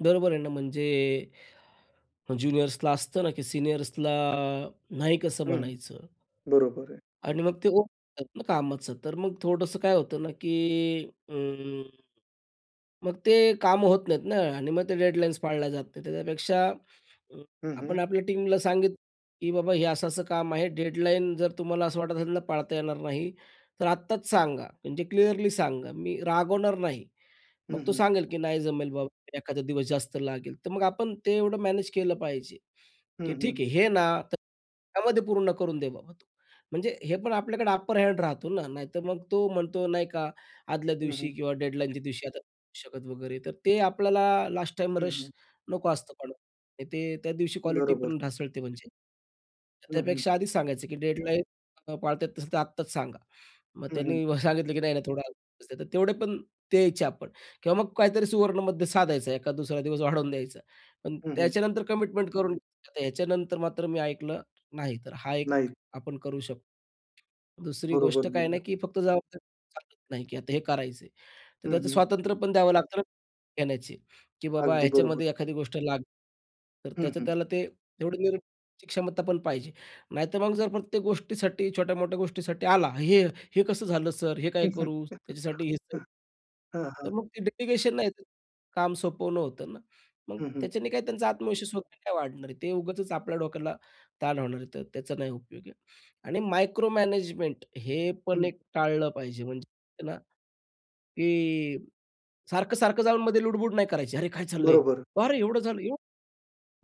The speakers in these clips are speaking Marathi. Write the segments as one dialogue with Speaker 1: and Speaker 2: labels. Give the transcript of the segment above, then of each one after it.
Speaker 1: बरोबर आहे ना. म्हणजे अ, ज्युनियर्सला असतं ना, की सीनियर्सला नाही कसं
Speaker 2: हं.
Speaker 1: म्हणायचं?
Speaker 2: बरोबर आहे.
Speaker 1: आणि मग ते हो म्हणतात ना, कामाचं तर मग थोडंसं काय होतं ना की अं, मग ते काम होत नाहीत ना आणि मग ते डेडलाईन्स पाळल्या जात नाहीत. त्याच्यापेक्षा
Speaker 2: हं, हं.
Speaker 1: आपण आपल्या टीमला सांगितलं की बाबा हे असं असं काम आहे. डेडलाईन जर तुम्हाला असं वाटत असेल ना, पाळता येणार नाही तर आत्ताच सांगा. म्हणजे क्लिअरली सांगा. मी रागवणार नाही.
Speaker 2: हं,
Speaker 1: मग तो
Speaker 2: हं.
Speaker 1: सांगेल की "नाही जमेल बाबा, एखादा दिवस जास्त लागेल." तर मग आपण ते एवढं मॅनेज केलं पाहिजे.
Speaker 2: हं,
Speaker 1: की "ठीक
Speaker 2: हं.
Speaker 1: आहे, हे ना तर त्यामध्ये पूर्ण करून दे बाबा तू." म्हणजे हे पण आपल्याकडे अपर हँड राहतो ना. नाहीतर मग तो म्हणतो नाही का, आदल्या
Speaker 2: हं,
Speaker 1: दिवशी
Speaker 2: हं.
Speaker 1: किंवा डेडलाईनच्या दिवशी आता नाही करू शकत वगैरे. तर ते आपल्याला लास्टटाईम
Speaker 2: हं,
Speaker 1: रश
Speaker 2: हं.
Speaker 1: नको असतं. पण ते त्या दिवशी क्वालिटी
Speaker 2: बरोबर.
Speaker 1: पण ढासळते म्हणजे.
Speaker 2: हं, हं.
Speaker 1: त्यापेक्षा आधीच सांगायचं की "डेडलाईन्स नाही पाळत येत नसेल, तर आत्ताच सांगा." मग
Speaker 2: हं, हं.
Speaker 1: त्यांनी सांगितलं की "नाही, नाही, थोडे अजून दिवस द्या," पण द्यायचे आपण किंवा मग काहीतरी सुवर्णमध्य साधायचं एखाद दुसरा दिवस वाढवून द्यायचा. पण
Speaker 2: हं, हं.
Speaker 1: त्याच्यानंतर कमिटमेंट करून, "ह्याच्यानंतर मात्र मी ऐकलं नाही, तर हा एक
Speaker 2: नाही.
Speaker 1: आपण करू शकतो." दुसरी
Speaker 2: बरोबर,
Speaker 1: गोष्ट काय
Speaker 2: बरोबर.
Speaker 1: नाही की फक्त जबाबदारी घेऊन चालत नाही की आता हे करायचे आहे. तर
Speaker 2: हं,
Speaker 1: त्याचं
Speaker 2: हं.
Speaker 1: स्वातंत्र्य पण द्यावं लागतं ना, घेण्याची की बाबा
Speaker 2: अगदी बरोबर.
Speaker 1: ह्याच्यामध्ये एखादी गोष्ट लागली. तर
Speaker 2: हं,
Speaker 1: त्याचं
Speaker 2: हं.
Speaker 1: त्याला ते एवढं नेण्याची क्षमता पण पाहिजे. नाहीतर मग जर प्रत्येक गोष्टीसाठी छोट्या-मोठ्या गोष्टीसाठी आला, "हे हे कसं झालं सर? हे काय
Speaker 2: हं, हं.
Speaker 1: करू?" त्याच्यासाठी हे तर
Speaker 2: हां, हां.
Speaker 1: तर मग ते डेलिगेशन नाही, ते काम सोपवणं होतं ना. मग
Speaker 2: हं, हं.
Speaker 1: त्याच्याने काय त्यांचा आत्मविश्वास वगैरे काय वाढणार आहे. ते उगाचच आपल्या डोक्याला ताण होणार आहे. तर त्याचा नाही उपयोग आहे. आणि मायक्रोमॅनेजमेंट हे पण
Speaker 2: हं.
Speaker 1: एक टाळलं पाहिजे म्हणजे ना, की सारखं-सारखं जाऊन मध्ये लुडबुड नाही करायची, "अरे काय चाललंय?
Speaker 2: बरोबर.
Speaker 1: अरे एवढं झालं, एवढं?"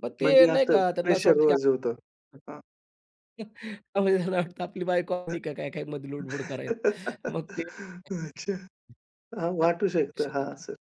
Speaker 1: मग ते
Speaker 2: म्हणजे
Speaker 1: नाही
Speaker 2: असं
Speaker 1: का त्यांना असं वाटतं की
Speaker 2: प्रेशरवर जो होतं. हां.
Speaker 1: हं. अ, मग त्यांना वाटतं आपली बायको आली का काय, काय मध्ये लूडबुड करायला.
Speaker 2: अच्छा.
Speaker 1: मग ते नाही
Speaker 2: हां,
Speaker 1: करू
Speaker 2: वाटू शकतं. हां,
Speaker 1: शकत.
Speaker 2: असं.